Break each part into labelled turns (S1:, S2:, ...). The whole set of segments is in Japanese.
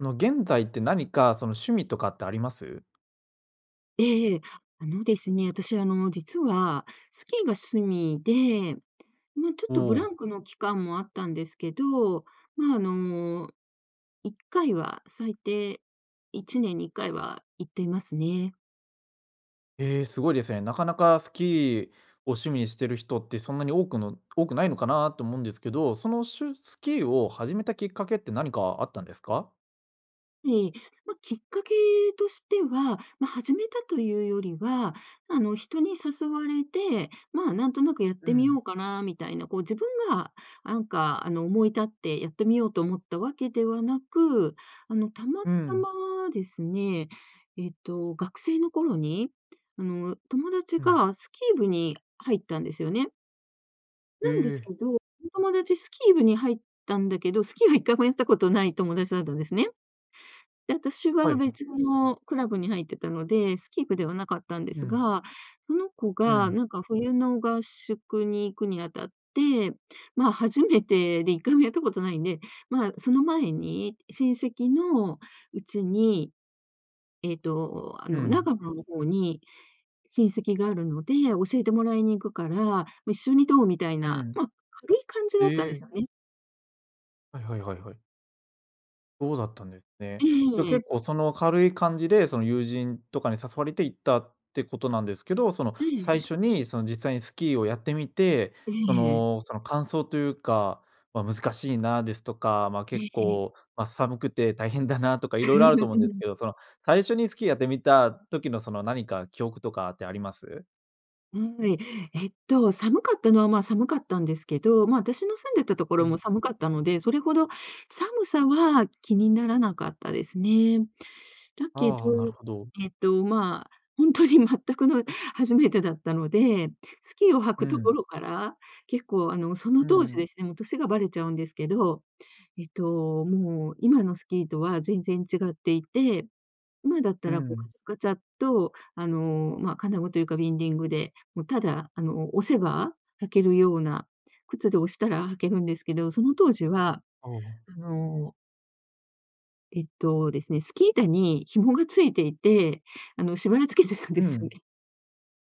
S1: あの、現在って何かその趣味とかってあります？
S2: ええええ。あのですね、私あの、実は、スキーが趣味で、ま、ちょっ
S1: お
S2: とブラ
S1: お。
S2: ンクの期間もあったんですけど、ま、あの、1回は、最低1年に1回は行っていますね。
S1: え、すごいですね、なかなかスキーを趣味にしてる人ってそんなに多くの多くないのかなと思うんですけど、そのしゅスキーを始めたきっかけって、何かあったんですか？
S2: ええ。ま、きっかけとしては、ま、始めたというよりは、あの、人に誘われて、まあ、なんとなくやっ
S1: う
S2: てみよ
S1: ん。
S2: うかなみたいな、こう自分があんか、あの、思い立ってやってみようと思ったわけではなく、あの、たま
S1: う
S2: た
S1: ん。
S2: まですね、えっと、学生の頃に、あの、友達
S1: うん。
S2: がスキー部に入ったんですよね。
S1: え
S2: なんです
S1: え。
S2: けど、友達スキー部に入ったんだけど、スキーは1回もやったことない友達だったんですね。で、私
S1: はい
S2: は
S1: はい。
S2: 別のクラブに入ってたので、スキー部ではなかったんで
S1: う
S2: す
S1: ん。
S2: が、その子
S1: う
S2: が
S1: ん。
S2: なんか冬の合宿に行くにあたって、ま、初めてで1回もやったことないんで、ま、その前に、親戚の家に、えっと、あ
S1: う
S2: の長
S1: ん。
S2: 野の方に、親戚があるので教えてもらいに行くから、一緒にどう。みたい
S1: う
S2: な、
S1: ん。
S2: ま、軽い感じだったん
S1: へ
S2: で
S1: え。
S2: すよね。
S1: はいはいはいはい。そうだったんですね。
S2: え
S1: で、
S2: ええ
S1: 結
S2: え。
S1: 構その、軽い感じで、その友人とかに誘われて、行ったってことなんですけど。その、
S2: えええ
S1: 最
S2: え。
S1: 初にその、実際にスキーをやってみて、
S2: え
S1: そ
S2: えええ。
S1: の、その感想というか、ま、「難しいな」ですとか、まあ、
S2: ええ、
S1: 結
S2: ええ。
S1: 構、ま、「寒くて大変だな」とか、いろいろあると思うんです けど。その最初にスキーやってみた時の、その、何か記憶とかってあります？
S2: うん。ええっと、寒かったのは、まあ、寒かったんですけど、ま、私の住んでたとこ
S1: う
S2: ろ
S1: ん。
S2: も寒かったので、それほど寒さは、気にならなかったですね。だけど、
S1: ああ、なるほど。
S2: えっと、まあ、ほんとに全くの初めてだったので、スキーを履
S1: う
S2: くとこ
S1: ん。
S2: ろから、結構あの、そ
S1: う
S2: の当時
S1: ん。
S2: ですね、もう歳がばれちゃうんですけど、えっと、もう今のスキーとは全然違っていて。今だっ
S1: う
S2: たら、こうカ
S1: ん。
S2: チャカチャっと、あの、ま、金具というかビンディングで、もう、ただあの、押せば、履けるような靴で、押したら履けるんですけど。その当時は、
S1: ああ。
S2: あのえっと、ですね、スキー板に紐が付いていて、あの、縛り付けてるんで
S1: う
S2: すよ
S1: ん。
S2: ね。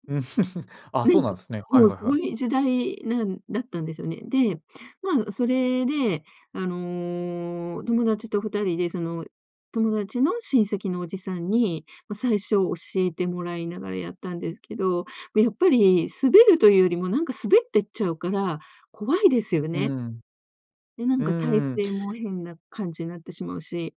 S1: ああ、
S2: ね
S1: そう
S2: い
S1: な
S2: く、
S1: んすね。はい
S2: もう、
S1: はい
S2: そ
S1: は
S2: う
S1: い。
S2: いう時代なんだったんですよね。で、ま、それであの、友達と二人でその友達の親戚のおじさんに、ま、最初教えてもらいながらやったんですけど、で、やっぱり滑るというよりも、なんか滑ってっちゃうから怖いですよ
S1: うー
S2: ね。
S1: ん。
S2: で、なん
S1: うん
S2: が体
S1: うんうん。
S2: 勢も変な感じなってしまうし。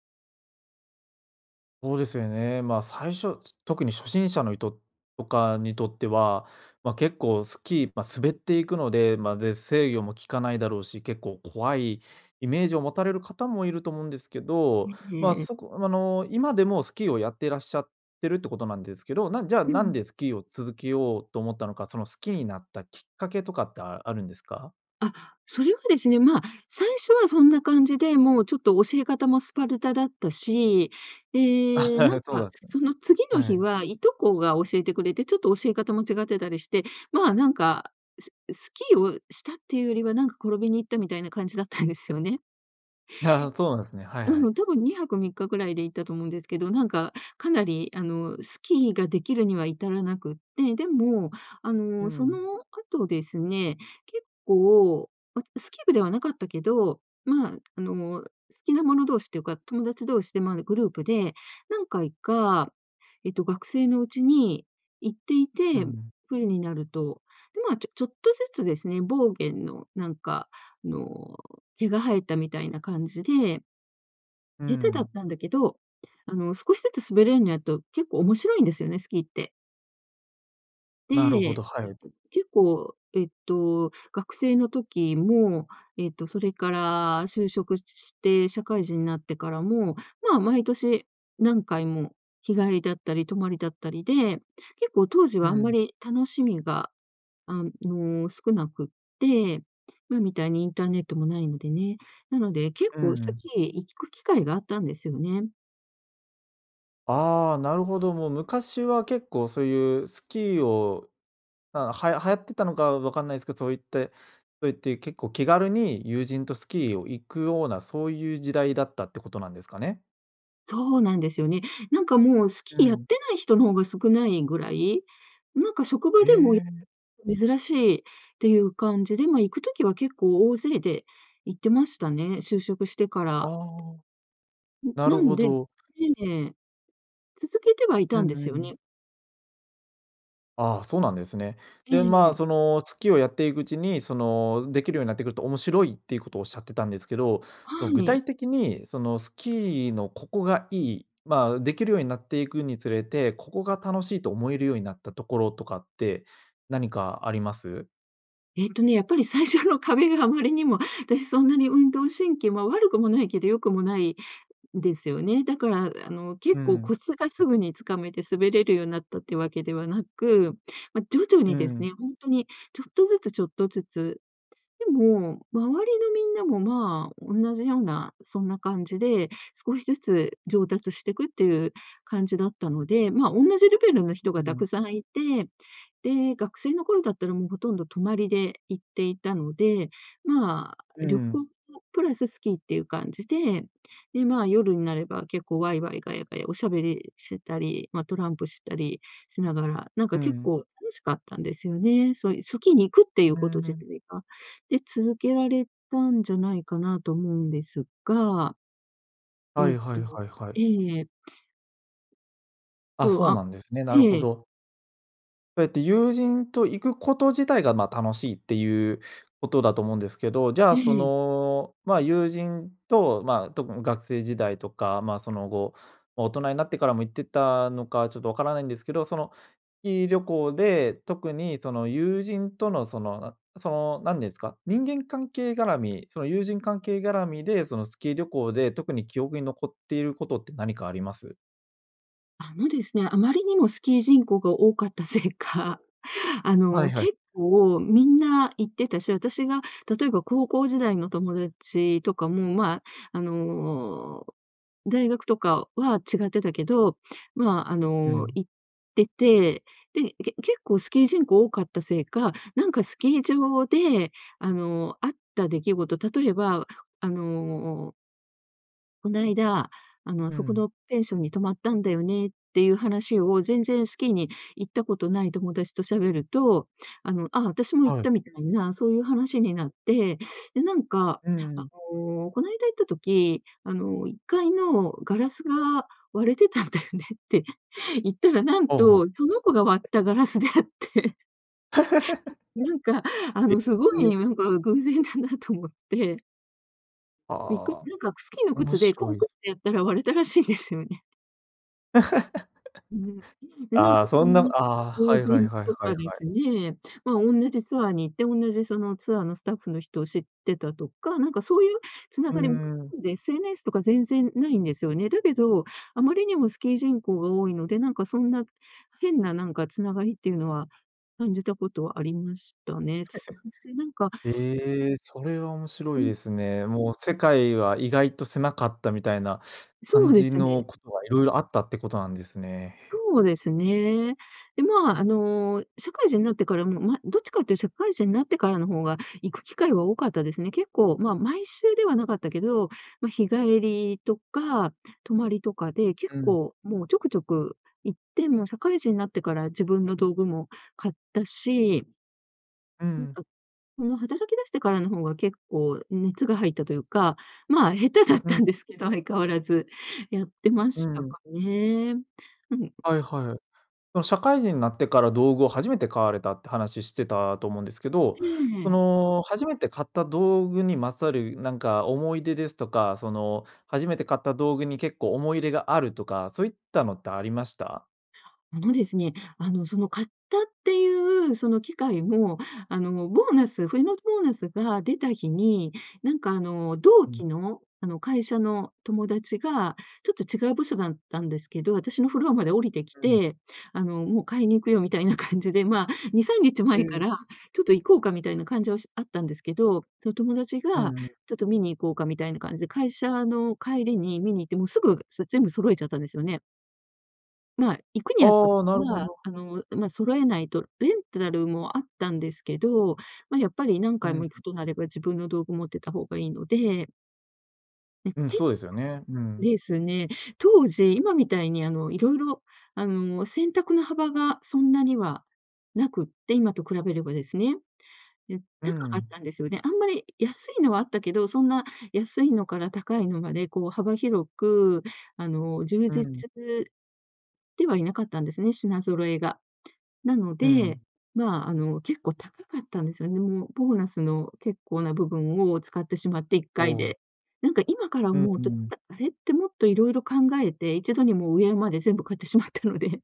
S1: ほうですよね。まあ、最初、つ特に初心者の人とかにとっては、ま、結構スキー、ま、滑っていくので、まあ、ぜ制御もきかないだろうし、結構怖いイメージを持たれる方もいると思うんですけど、
S2: え、え
S1: ま、
S2: えええ。
S1: そこ、あの、今でもスキーをやっていらっしゃってるってことなんですけど、なんじゃあ、
S2: う
S1: なん
S2: ん。
S1: でスキーを続けようと思ったのか、その好きになったきっかけとかって、ああるんですか？
S2: あ、それはですね、ま、最初はそんな感じで、もうちょっと教え方もスパルタだったし、
S1: あ、
S2: ええ、なん
S1: そうだ
S2: か、
S1: っ
S2: その次
S1: た
S2: の
S1: んは
S2: 日
S1: い。
S2: は、従兄弟が教えてくれて、ちょっと教え方も違ってたりして、まあ、なんか、すスキーをしたって言うよりは、なんか転びに行ったみたいな感じだったんですよね。
S1: じゃ、そうなんすね、はいは
S2: う
S1: い。
S2: ん、多分2泊3日ぐらいで行ったと思うんですけど、なんかかなりあの、スキーが出来るには至らなくって、でも、あ
S1: う
S2: の、そ
S1: ん。
S2: の後ですね、結構、ま、スキー部ではなかったけど、まあ、あの、好きな者同士っていうか、友達同士で、まあ、グループで何回か、えっと、学生のうちに行ってい
S1: う
S2: て、
S1: ん。
S2: 冬になると、で、まあ、ちょちょっとずつですね、ボーゲンのなんかあの、毛が生えたみたいな感じで
S1: う
S2: 下手だっ
S1: ん。
S2: たんだけど、あの、少しずつ滑れんにゃと、結構面白いんですよね、スキーって。で、
S1: なるほ
S2: え
S1: ど、は
S2: っ
S1: い。
S2: と、結構、えっと、学生の時も、えっとそれから就職しして、社会人になってからも、まあ、毎年何回も、日帰りだったり、泊まりだったりで、結構当時
S1: う
S2: はあんま
S1: ん。
S2: り楽しみが、あの少なくって、今みたいにインターネットも無いのでね。なので、結
S1: う
S2: 構
S1: ん
S2: ス
S1: うん。
S2: キー行く機会があったんですよね。
S1: ああ、なるほど、もう昔は結構そういうスキーをあ、はや流行ってたのかわかんないすけど、そういってそういって結構気軽に友人とスキーを行くような、そういう時代だったってことなんですかね？
S2: そうなんですよね。なんかもう、ス
S1: う
S2: キーやっ
S1: ん。
S2: てない人の方が少ないぐらい、なんか職場
S1: え
S2: でも、
S1: え。
S2: 珍しいっていう感じで、ま、行く時は結構大勢で行ってましたね、就職してか
S1: あ
S2: ら。
S1: あ。
S2: ん、
S1: な
S2: な
S1: る
S2: ん
S1: ほ
S2: で
S1: ど。
S2: ええ。続けてはい
S1: う
S2: たん
S1: ん
S2: です
S1: う
S2: よ
S1: ん。
S2: ね。
S1: ああ、そうなんですね。
S2: え
S1: で、ま
S2: ええ
S1: あ、
S2: え。
S1: その、スキーをやっていくうちに、その、できるようになってくると面白いっていうことをおっしゃってたんですけど、そ
S2: は
S1: の具体
S2: い。
S1: 的に、そのスキーのここがいい、まあ、できるようになっていくにつれて、ここが楽しいと思えるようになったところとかって何かあります？
S2: えっとね、やっぱり最初の壁があまりにも、私そんなに運動神経まあ、悪くもないけど良くもないんですよね。だからあの結
S1: う
S2: 構
S1: ん。
S2: コツがすぐに掴めて滑れるようになったっていうわけではなく、ま、徐々
S1: う
S2: にです
S1: ん。
S2: ね、ほんとにちょっとずつ、ちょっとずつ、でも、周りのみんなもまあ、おんなじような、そんな感じで。少しずつ上達してくっていう感じだったので、まあ、おんなじレベルの人
S1: う
S2: が
S1: ん。
S2: 沢山いて、で、学生の頃だったら、もうほとんど泊まりで行っていたので、まあ
S1: う
S2: 旅
S1: ん。
S2: 行とプラススキーっていう感じで、で、まあ夜になれば結構ワイワイガヤガヤお喋りしてたり、まあトランプしたりしながら、なん
S1: う
S2: か結
S1: ん。
S2: 構楽しかったんですよね、そういうスキーに行くってい
S1: うー
S2: うこと自
S1: ん。
S2: 体が、で、続けられたんじゃないかなと思うんですが。
S1: は
S2: えっ
S1: いはい
S2: と
S1: はいはい。
S2: ええ。
S1: あ、
S2: そう
S1: そうな
S2: あ
S1: んですね、なるほ
S2: ええ。
S1: ど。えっと友人と行くこと自体が、ま、楽しいっていうことだと思うんですけど。じゃ
S2: う
S1: あそ
S2: ん。
S1: の、ま、友人と、ま、特ん学生時代とか、ま、その後、大人になってからも行ってたのかちょっとわからないんですけど、そのキー旅行で、特にその友人とのそのなそのなんですか、人間関係がらみ、その友人関係がらみで、そのスキー旅行で特に記憶に残っていることって何かあります？
S2: あのですね、あまりにもスキー人口が多かったせいか、あ
S1: はい
S2: の、
S1: はい。
S2: 結構みんな行ってたし、私が例えば高校時代の友達とかも、ま、あの、大学とかは違ってたけど、まあ、あ
S1: う
S2: の、
S1: ん。
S2: 行ってて、で、け結構スキー人口多かったせいか、なんかスキー場であの、あった出来事、例えばあの「こないだ、あの、
S1: う
S2: そこ
S1: ん。
S2: のペンションに泊まったんだよね」っていう話を全然スキーに行ったことない友達と喋ると、あの、「ああ、私も行っ
S1: はい。
S2: た」みたいな、そういう話になって、で、なんか、
S1: う
S2: あ
S1: ん。
S2: の、「こないだ行った時、あの1階のガラスが割れてたんだよね」って言ったら、なん
S1: ほうほう。
S2: と、その子が割ったガラスであって。なんか あ
S1: え、
S2: のすご
S1: え
S2: い
S1: え。
S2: なんか偶然だなと思って。びっくり、
S1: ああ、
S2: なんかスキーの
S1: 面
S2: 靴でコ
S1: 白
S2: ン
S1: い。
S2: クってやったら割れたらしいんですよね。うん。で、なん
S1: あ
S2: か
S1: あ、そ
S2: そう
S1: んな、ああ、はいは
S2: いう
S1: い はい
S2: と
S1: はい
S2: かで
S1: は
S2: す
S1: い。
S2: ね、まあ、おんなじツアーに行って、おんなじそのツアーのスタッフの人を知ってたとか、なんかそういう繋
S1: うー
S2: がりも
S1: ん。
S2: んで SNS とか全然無いんですよね。だけど、あまりにもスキー人口が多いので、なんかそんな変ななんか繋がりっていうのは、感じたことはありましたね。そしてなん か
S1: ええ、それは面
S2: う
S1: 白い
S2: ん。
S1: ですね。もう世界は意外と狭かったみたいな
S2: そ
S1: 感
S2: うで
S1: じ
S2: す
S1: の
S2: ね。
S1: ことが色々あったってことなんですね。
S2: そうですね。で、まあ、あの社会人になってからも、ま、どっちかって言う、社会人になってからの方が、行く機会は多かったですね。結構まあ、毎週ではなかったけど、ま、日帰りとか、泊まりとかで、結
S1: うん。
S2: 構もうちょくちょく行って、もう社会人になってから自分の道具も買ったし
S1: うん。
S2: その働き出してからの方が結構熱が入ったというか、まあ下手だっ
S1: う
S2: た
S1: ん。
S2: んですけど、相変わらず。やってま
S1: う
S2: した
S1: ん。
S2: かね。うん。
S1: はいはい。その社会人になってから道具を初めて買われたって話してたと思うんですけど、
S2: え
S1: そ
S2: え。
S1: の初めて買った道具にまつわるなんか思い出ですとか、その初めて買った道具に結構思い入れがあるとか、そういったのってありました？
S2: あのですね、あのその買ったっていうその機会も、あのもボーナス冬のボーナスが出た日に、なんかあの同
S1: うん。
S2: 期の、あの会社の友達が、ちょっと違う部署だったんですけど、私のフロアまで降りてき
S1: うん。
S2: て、あの「もう買いに行くよ」みたいな感じで、まあ2、3日
S1: え
S2: 前か
S1: え。
S2: ら、ちょっと行こうかみたいな感じょうしあったんですけど、その友達
S1: う
S2: が、
S1: んうん。
S2: ちょっと見に行こうかみたいな感じ、会社の帰りに見に行って、もうすぐ、そ全部揃えちゃったんですよね。まあ、行くにあた
S1: ああ、なるほ
S2: は
S1: ど。
S2: あの、んま、揃えないと、レンタルもあったんですけど、まあやっぱり何
S1: う
S2: 回
S1: ん。
S2: も行くとなれば、自分の道具持ってた方が良いので。ん、
S1: うん、
S2: け
S1: そうですよね、うん。
S2: ですね。当時、今みたいにあの色々、あの選択の幅が、そんなには無くって、今と比べればですね。え、
S1: う
S2: 高かっ
S1: ん。
S2: たんですよね、あんまり、安いのはあったけど、そんな安いのから高いのまで、こう幅広く、あの充
S1: う
S2: 実
S1: ん。
S2: ではいなかったんですね、品揃えが。なの
S1: う
S2: で、
S1: ん。
S2: まあ、あの結構高かったんですよね、もう、ボーナスの結構な部分を使ってしまっていっ
S1: お
S2: かい
S1: お。
S2: で。なんか今から
S1: うん
S2: 思う
S1: う
S2: と
S1: ん。
S2: あれってもっと色々考えて、一度にもう上まで全部買ってしまったので。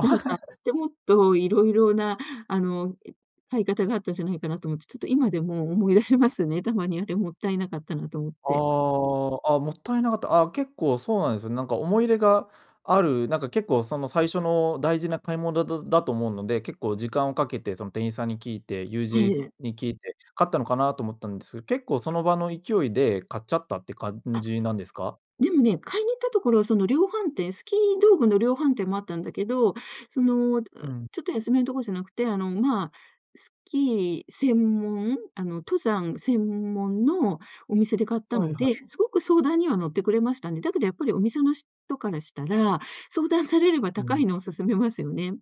S2: なんか、でもっ と色々なあの、買い方があったじゃないかなと思って、ちょっと今でも思い出しますね、たまに。あれもったいなかったなと思っ
S1: あ
S2: て。
S1: あ、あ、もったいなかった、あ結構そうなんすよね、なんか思い入れがある、なんか結構その最初の大事な買い物だだだと思うので、結構時間をかけて、その店員さんに聞いて、ゆう
S2: え
S1: じいず
S2: え。
S1: に聞いて、買ったのかなと思ったんです、結構その場の勢いで買っちゃったって感
S2: あ。
S1: じなんですか？
S2: でもね、買いに行ったところはその量販店スキー道具の量販店もあったんだけど、その、ち
S1: うん。
S2: ょっと安めのとこじゃなくて、あのまあスキー専門、あの登山専門のお店で買った
S1: はい
S2: の
S1: は
S2: で、
S1: い。
S2: 凄く相談には乗ってくれましたね、だけどやっぱりお店の人からしたら、相談されれば
S1: う
S2: 高
S1: ん。
S2: いのを勧めますよね。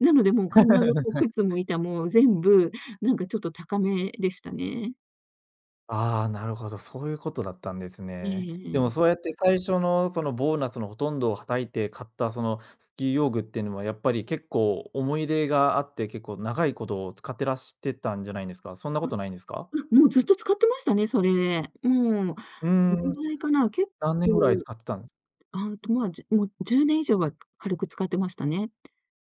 S2: なので、もう必ずお靴 も板も全部、なんかちょっと高めでしたね。
S1: ああ、なるほど、そういうことだったんです
S2: ええ、
S1: ね。で
S2: え
S1: も
S2: え。
S1: そうやって、最初のそのボーナスのほとんどをはたいて買ったそのスキー用具ってのは、やっぱり結構思い入れがあって、結構長いこと使ってらしてたんじゃないんですか？そんなこ
S2: [unintelligible]
S1: とないんですか？
S2: あ、ま、もうずっと使ってましたね、それ。うん。ど
S1: う
S2: れ
S1: ん、
S2: ぐらいかな、結
S1: 何年ぐらい
S2: 構。
S1: 使ってたん？
S2: あ、んと、まあ、じもう10年以上は、軽く使ってましたね。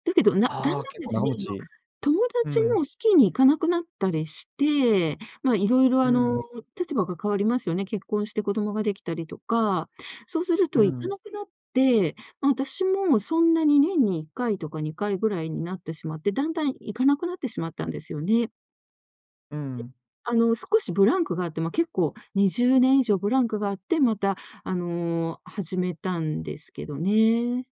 S2: だけど、なだ
S1: あ
S2: ん
S1: あ、
S2: だん
S1: 結
S2: で
S1: 構
S2: す
S1: 長
S2: ね、
S1: 持
S2: 今、
S1: ち。
S2: 友
S1: う
S2: 達
S1: ん。
S2: もスキーに行かなくなったりして、まあ、いろいろ
S1: う
S2: あ
S1: ん。
S2: の、立場が変わりますよね、結婚して子供ができたりとか、そうする
S1: う
S2: と行か
S1: ん。
S2: なくなって、まあ、私もそんなに年に1回とか2回ぐらいになってしまって、だんだん行かなくなってしまったんですよね。
S1: うん。
S2: あの、少しブランクがあって、ま、結構20年以上ブランクがあって、また、あの、始めたんですけどね。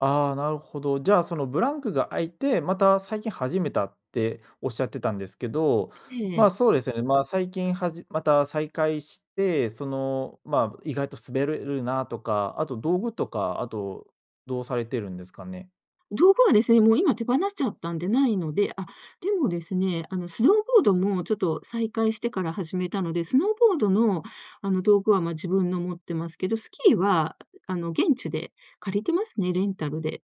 S1: ああ、なるほど、じゃあ、そのブランクが空いて、また最近始めたっておっしゃってたんですけど、
S2: え
S1: まあ、
S2: え。
S1: そうですよね、まあ、最近はじまた再開して、その、まあ、意外と滑れるなとか、あと道具とか、あと、どうされてるんですかね？
S2: 道具はですね、もう今手放しちゃったんでないので、あ、でもですね、あの、スノーボードもちょっと、再開してから始めたので、スノーボードの、あの、道具は、まあ、自分の持ってますけど、スキーは、あの、現地で借りてますね、レンタルで。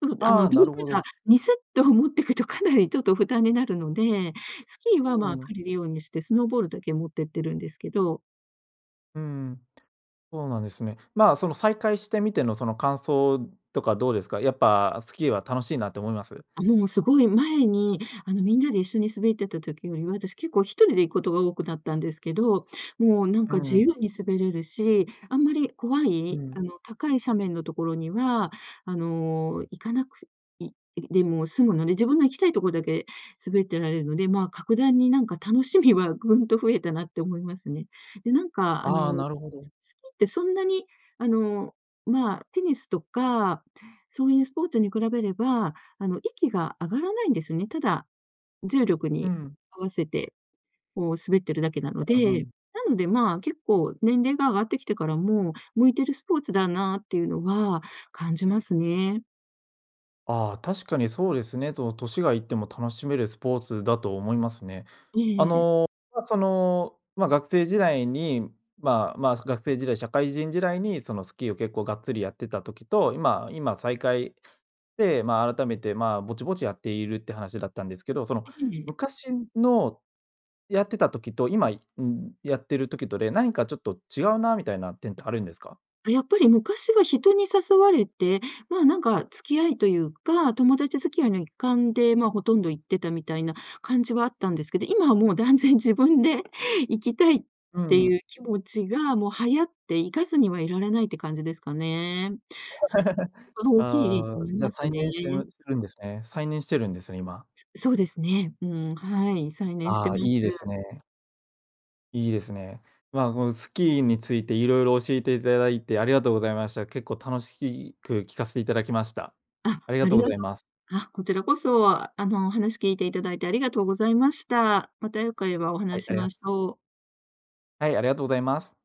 S2: うん、で、あ
S1: あ
S2: の、
S1: あ、
S2: 道具
S1: なるほ
S2: が、
S1: ど。
S2: 2セット持ってくとかなりちょっと負担になるので、スキーは、
S1: う
S2: まあ、
S1: んうん。
S2: 借りるようにして、スノーボードだけ持ってってるんですけど
S1: うん、そうなんですね。まあ、その再開してみてのその感想とかどうですか？やっぱスキーは楽しいなって思います？
S2: あ、もう凄い前に、あの、みんなで一緒に滑ってた時よりは、あたし結構1人で行くことが多くなったんですけど、もう、なん
S1: う
S2: か
S1: ん
S2: 自
S1: うん。
S2: 由に滑れるし、あんまり、怖
S1: う
S2: いあ
S1: ん。
S2: の、高い斜面のところには、あの、行かなくいいでも済むので、自分の行きたいとこだけ滑ってられるので、まあ、格段になんか、楽しみはぐんと増えたなって思いますね。で、なんか、あ
S1: あ
S2: の、
S1: あ、なるほど。
S2: すスキーってそんなに、あの、まあ、テニスとか、そうゆうスポーツに比べれば、あの、息が上がらないんですね。ただ、重力
S1: う
S2: に
S1: ん。
S2: 合わせてこう滑ってるだけなの
S1: ああ、う
S2: で、
S1: ん。
S2: なんで、まあ、結構年齢が上がってきてからも、向いてるスポーツだなってゆうのは感じますね。
S1: ああ、確かにそうですね、その、年がいっても楽しめるスポーツだと思いますね。
S2: え
S1: あ
S2: えええ。
S1: の、まあ、その、ま、学生時代に、まあまあ、学生時代、社会人時代に、その、スキーを結構がっつりやってた時と、今今再開、で、ま、改めて、まあ、ぼちぼちやっているって話だったんですけど、その、
S2: ええええ。
S1: 昔の、やってた時と今、いうん、やってる時とで、何かちょっと違うなみたいな点ってあるんですか？
S2: あ、やっぱり、昔は人に誘われて、まあ、なんか付き合いとゆうか、友達付き合いの一環で、まあ、ほとんど行ってたみたいな感じはあったんですけど、今はもう断然自分で行きたいっ
S1: う
S2: てゆ
S1: ん。
S2: う気持ちが、もうはやって、行かずにはいられないって感じですかね。そこ が大きい
S1: ああ、じゃ、
S2: ます
S1: 再
S2: ね。
S1: 燃してぬしてるんですね、再燃してるんですね、今。
S2: そうですね。うん、はい、再燃して
S1: ああ、
S2: ます。
S1: いいですね。いいですね。まあ、このスキーについていろいろ教えていただいてありがとうございました。結構楽しく聞かせていただきました。
S2: あ、
S1: ありが
S2: あ
S1: とう
S2: り
S1: ご
S2: がと
S1: ざ
S2: う
S1: います。
S2: あ、こちらこそ、あの、話聞いていただいてありがとうございました。また、良ければ、おは
S1: は
S2: な
S1: い、
S2: し
S1: あ
S2: し
S1: りが
S2: ま
S1: と
S2: しょう。
S1: はい、ありがとございます。